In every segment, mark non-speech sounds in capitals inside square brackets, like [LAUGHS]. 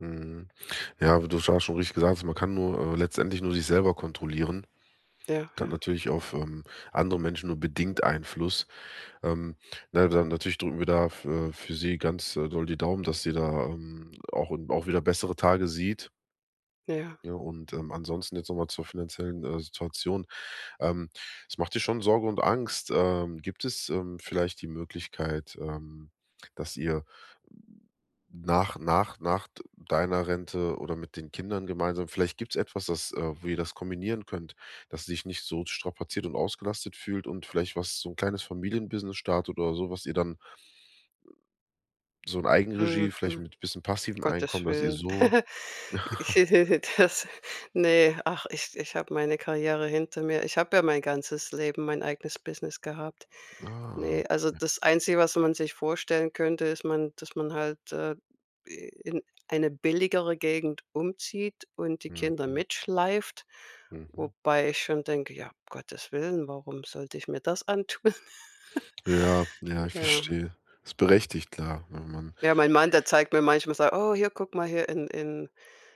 Mhm, ja, aber du hast schon richtig gesagt, man kann nur äh, letztendlich nur sich selber kontrollieren, Ja, und hat ja. natürlich auf, ähm, andere Menschen nur bedingt Einfluss, ähm, ne, dann, natürlich drücken wir da f äh, für sie ganz, äh, doll die Daumen, dass sie, da, hm, auch, hm, auch wieder bessere Tage sieht. Ja. Ja, und, ähm, ansonsten jetzt noch mal zur finanziellen, äh, Situation, ähm, es macht dir schon Sorge und Angst. Ähm, gibt es, ähm, vielleicht die Möglichkeit, ähm, dass ihr nach nach nach d deiner Rente oder mit den Kindern gemeinsam vielleicht gibt's etwas, das äh, wo ihr das kombinieren könnt, dass sie sich nicht so strapaziert und ausgelastet fühlt und vielleicht was so 'n kleines Familienbusiness startet oder so, was ihr dann so in Eigenregie, vielleicht Mhm, mit bisschen passivem Gottes Einkommen, dass ihr Willen. so [CHUCKLES] Ich, [CHUCKLES] [LAUGHS] das ne, ach, ich ich habe meine Karriere hinter mir. Ich habe ja mein ganzes Leben, mein eigenes Business gehabt. Ah, Ne, also, okay. das Einzige, was man sich vorstellen könnte, ist man dass man halt, äh, in eine billigere Gegend umzieht und die Kinder Mhm. mitschleift, Mhm. wobei ich schon denke: „Ja, Gottes Willen, warum sollte ich mir das antun?“ Ja, ja, ich Ja. verstehe. Ist berechtigt, klar, wenn man Ja, mein Mann, der zeigt mir manchmal so: „Oh, hier guck mal hier in in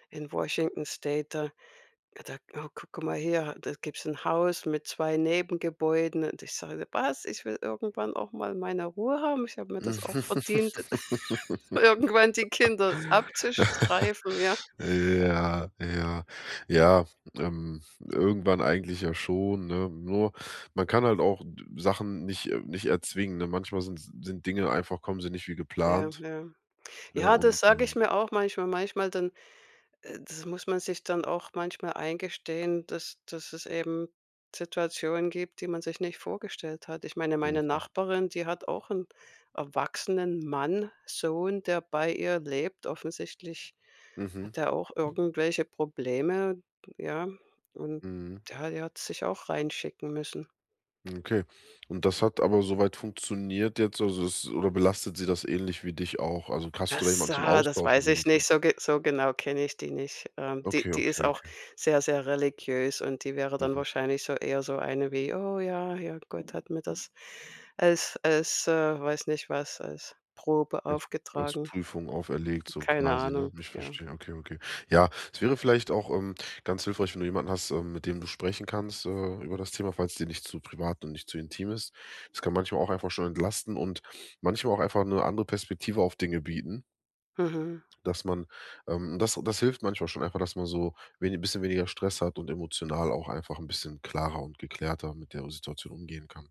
in Washington State, da da oh, guck mal hier, ha da gibt's 'n Haus mit 2 Nebengebäuden“, und ich sage: „Was? Ich will irgendwann auch mal meine Ruhe haben. Ich habe mir das auch verdient, [LAUGHS] irgendwann die Kinder [LAUGHS] abzustreifen“, ja. Ja, ja, ja, ähm, irgendwann eigentlich ja schon, ne? Nur, man kann halt auch d Sachen nicht äh, nicht erzwingen, ne? Manchmal sin sind Dinge einfach kommen sie nicht wie Ja, geplant, ja. ne, Ja, das und sage ich ähm mir auch manchmal. Manchmal dann äh, das muss man sich dann auch manchmal eingestehen, dass dass es eben Situationen gibt, die man sich nicht vorgestellt hat. Ich meine, meine Mhm. Nachbarin, die hat auch 'n erwachsenen Mann, Sohn, der bei ihr lebt. Offensichtlich Mhm. hat er auch irgendwelche Probleme, ja und Mhm. ja, er hat sich auch reinschicken müssen. Hm, okay und das hat aber soweit funktioniert jetzt, also, es oder belastet sie das ähnlich wie dich auch? Also, hast du da Das, jemand zum ah, das Austauschen weiß ich wenigstens? nicht, so ge so genau kenne ich die nicht. Ähm, die Okay, die okay, ist auch okay. sehr, sehr religiös und die wäre dann Mhm. wahrscheinlich so eher so eine wie: „Oh ja, ja, Gott hat mir das als als äh, weiß nicht was, als Probe Ja, als aufgetragen.“ Prüfung auferlegt so Keine quasi, ne? Ahnung, Ich ja. verstehe, okay, okay. Ja, es wäre vielleicht auch, ähm, ganz hilfreich, wenn du jemanden hast, ähm, mit dem du sprechen kannst, äh, über das Thema, falls dir nicht zu privat und nicht zu intim ist. Das kann manchmal auch einfach schon entlasten und manchmal auch einfach 'ne andere Perspektive auf Dinge bieten Mhm. dass man ähm, das das hilft manchmal schon einfach, dass man so wenig bisschen weniger Stress hat und emotional auch einfach 'n bisschen klarer und geklärter mit der Situation umgehen kann.